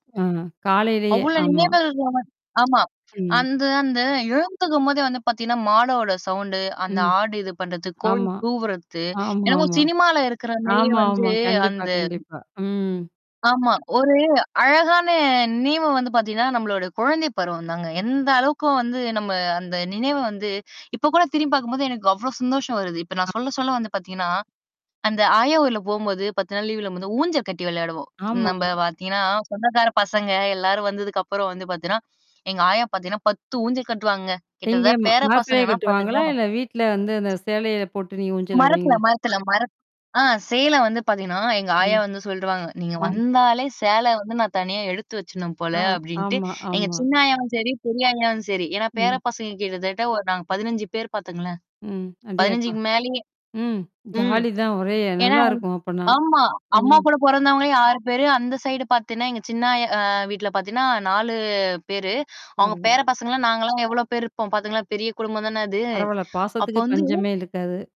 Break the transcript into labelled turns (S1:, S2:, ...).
S1: ஆ, காலையிலேயே!
S2: அவ்ளோ
S1: ஆமா.
S2: நினைவுகள் நாம ஆமா.
S1: ம்.
S2: அந்த, அந்த எழுந்துக்கும்போதே வந்து பாத்தீங்கன்னா, மாடோட சவுண்டு, அந்த
S1: ம்.
S2: ஆடு இது பண்றது, கோழி
S1: ஆமா.
S2: கூவுறது. என்னமோ
S1: ஆமாமா.
S2: சினிமால இருக்கிற மாதிரியே
S1: ஆமா,
S2: வந்து
S1: ஆமா, கண்டிப்பா,
S2: அந்த
S1: கண்டிப்பா. ம்.
S2: ஆமா. ஒரு அழகான நினைவு வந்து பாத்தீங்கன்னா, நம்மளோட குழந்தை பருவம் தாங்க. எந்த அளவுக்கும் வந்து நம்ம அந்த நினைவ வந்து இப்ப கூட திரும்பி பார்க்கும்போது எனக்கு அவ்ளோ சந்தோஷம் வருது. இப்ப நான் சொல்ல, சொல்ல வந்து பாத்தீங்கன்னா, அந்த ஆயா ஊர்ல போம்போது 10 நாள் லீவுல போம்போது ஊஞ்சல் கட்டி விளையாடுவோம்.
S1: ஆமா.
S2: நம்ப பாத்தீங்கன்னா, சொந்தக்கார பசங்க எல்லாரும் வந்ததுக்கப்புறம் வந்து பாத்தீன்னா, எங்க ஆயா பாத்தீங்கன்னா 10 ஊஞ்சல் கட்டுவாங்கங்க.
S1: எங்கே?
S2: கிட்டத்தட்ட
S1: ம
S2: பேர
S1: மரத்திலே
S2: பசங்கன்னா
S1: கட்டுவாங்களா?
S2: பாத்துங்களேன்.
S1: இல்ல வீட்ல வந்து அந்த சேலைல போட்டு நீங்க ஊஞ்சல்
S2: மரத்துல,
S1: ஆடுவீங்கள்ல?
S2: மரத்துல, மரத் ஆ சேல வந்து பாத்தீங்கன்னா, எங்க ஆயா
S1: ம்.
S2: வந்து சொல்டுருவாங்க. நீங்க
S1: ம்.
S2: வந்தாலே சேல வந்து நான் தனியா எடுத்து வச்சுறணும் போல
S1: ஆ,
S2: அப்பிடின்ட்டு,
S1: ஆமா,
S2: எங்க
S1: ஆமா.
S2: சின்ன ஆயாவும் செரி, பெரிய ஆயாவும் செரி. ஏன்னா பேர
S1: ம்.
S2: பசங்க கிட்டத்தட்ட ஒரு நாங்க 15 பேர் பாத்துங்களேன்.
S1: ம். அடேயப்பா!
S2: 15க்கு மேலயே!
S1: ம்.
S2: ம்.
S1: ஜாலி தான் ஒரே
S2: ஏன்னா
S1: நல்லாயிருக்கும் அப்படினா.
S2: ஆமா. அம்மா
S1: ம்.
S2: கூட பொறந்தவங்களே 6 பேரு! அந்த சைடு பாத்தீங்கன்னா, எங்க சின்ன ஆயா ஆ வீட்ல பாத்தீங்கன்னா 4 பேரு. அவுங்க பேர
S1: பரவால.
S2: பசங்கள்லாம் நாங்கலாம் எவ்ளோ பேர் இருப்போம்! பாத்தீங்கன்னா பெரிய குடும்பம் தானே அது.
S1: பரவால்ல.
S2: அப்போ
S1: பாசத்துக்கு
S2: வந்து
S1: பஞ்சமே இருக்காது.